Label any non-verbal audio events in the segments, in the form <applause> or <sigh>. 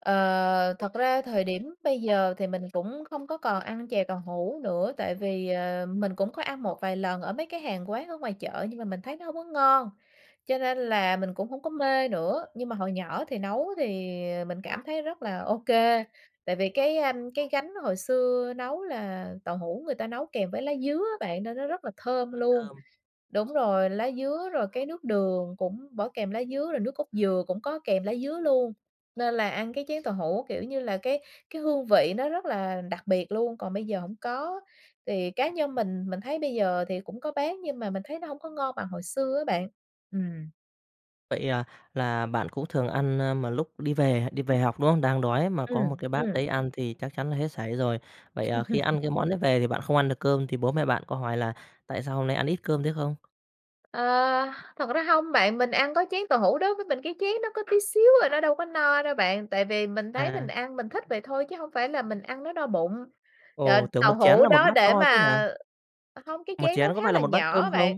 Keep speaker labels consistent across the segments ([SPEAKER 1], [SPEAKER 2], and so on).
[SPEAKER 1] Ờ, thật ra, thời điểm bây giờ thì mình cũng không có còn ăn chè tàu hủ nữa. Tại vì, ờ, mình cũng có ăn một vài lần ở mấy cái hàng quán ở ngoài chợ, nhưng mà mình thấy nó hổng có ngon, cho nên là mình cũng hổng có mê nữa. Nhưng mà hồi nhỏ thì nấu thì, ờ, mình cảm thấy rất là OK, tại vì cái, ờm, cái gánh hồi xưa nấu là tàu hủ người ta nấu kèm với lá dứa á bạn, nên nó rất là thơm
[SPEAKER 2] Nó
[SPEAKER 1] luôn.
[SPEAKER 2] thơm.
[SPEAKER 1] Đúng rồi, lá dứa rồi cái nước đường cũng bỏ kèm lá dứa, rồi nước cốt dừa cũng có kèm lá dứa luôn, nên là ăn cái chén tàu hủ kiểu như là cái cái hương vị nó rất là đặc biệt luôn. Còn bây giờ hổng có. Thì cá nhân mình, mình thấy bây giờ thì cũng có bán nhưng mà mình thấy nó hổng có ngon bằng hồi xưa á bạn. Ừm.
[SPEAKER 2] Vậy à? Là bạn cũng thường ăn, a, mà lúc đi về đi về học, đúng không? Đang đói mà có một
[SPEAKER 1] Ừm,
[SPEAKER 2] cái bát
[SPEAKER 1] ừm.
[SPEAKER 2] đấy ăn thì chắc chắn là hết sảy rồi. Vậy, à, khi
[SPEAKER 1] <chuckles>
[SPEAKER 2] ăn cái món đấy về thì bạn không ăn được cơm thì bố mẹ bạn có hỏi là "Tại sao hôm nay ăn ít cơm thế" không?
[SPEAKER 1] Ờ, thật ra hông bạn, mình ăn có chén tàu hủ đối với mình cái chén nó có tí xíu à, nó đâu có no đâu bạn. Tại vì mình thấy mình
[SPEAKER 2] À.
[SPEAKER 1] ăn, mình thích vậy thôi chứ hông phải là mình ăn nó no bụng. Trời,
[SPEAKER 2] Ồ! Tưởng
[SPEAKER 1] tàu
[SPEAKER 2] một chén
[SPEAKER 1] hủ
[SPEAKER 2] là một
[SPEAKER 1] đó
[SPEAKER 2] bát
[SPEAKER 1] để
[SPEAKER 2] to chứ hả?
[SPEAKER 1] mà ờ, không cái
[SPEAKER 2] Một
[SPEAKER 1] chén
[SPEAKER 2] chén
[SPEAKER 1] nó
[SPEAKER 2] có
[SPEAKER 1] khá
[SPEAKER 2] phải là
[SPEAKER 1] là
[SPEAKER 2] một bát
[SPEAKER 1] nhỏ
[SPEAKER 2] cơm
[SPEAKER 1] á
[SPEAKER 2] không?
[SPEAKER 1] bạn.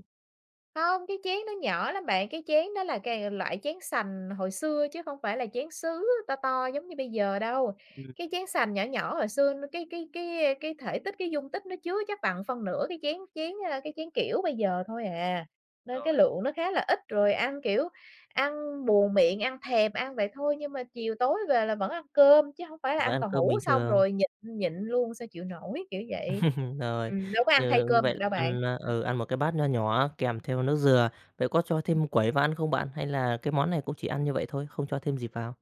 [SPEAKER 1] Không, cái chén nó nhỏ lắm bạn, cái chén nó là cài loại chén sành hồi xưa chứ không phải là chén sứ to to giống như bây giờ đâu.
[SPEAKER 2] Ừm.
[SPEAKER 1] Cái chén sành nhỏ nhỏ hồi xưa nó cái cái cái, ơ, cái thể tích, cái dung tích nó chứa chắc bằng phân nửa cái chén chén ơ, cái chén kiểu bây giờ thôi à. Nên cái
[SPEAKER 2] Rồi.
[SPEAKER 1] lượng nó khá là ít rồi ăn, kiểu, ăn buồn miệng, ăn thèm ăn vậy thôi nhưng mà chiều tối về là vẫn ăn cơm chứ hổng phải là
[SPEAKER 2] À, vẫn
[SPEAKER 1] ăn
[SPEAKER 2] ăn
[SPEAKER 1] tàu
[SPEAKER 2] cơm
[SPEAKER 1] hủ
[SPEAKER 2] bình
[SPEAKER 1] xong
[SPEAKER 2] thường.
[SPEAKER 1] rồi nhịn nhịn luôn sao chịu nổi, kiểu vậy.
[SPEAKER 2] <chuckles> Rồi,
[SPEAKER 1] Ừm, đâu có ăn thay
[SPEAKER 2] như như
[SPEAKER 1] cơm được
[SPEAKER 2] vậy
[SPEAKER 1] đâu bạn.
[SPEAKER 2] ăn, a,
[SPEAKER 1] Ừm.
[SPEAKER 2] ừ, ăn một cái bát nho nhỏ kèm theo nước dừa. Vậy có cho thêm quẩy vào ăn không bạn, hay là cái món này cũng chỉ ăn như vậy thôi, không cho thêm gì vào?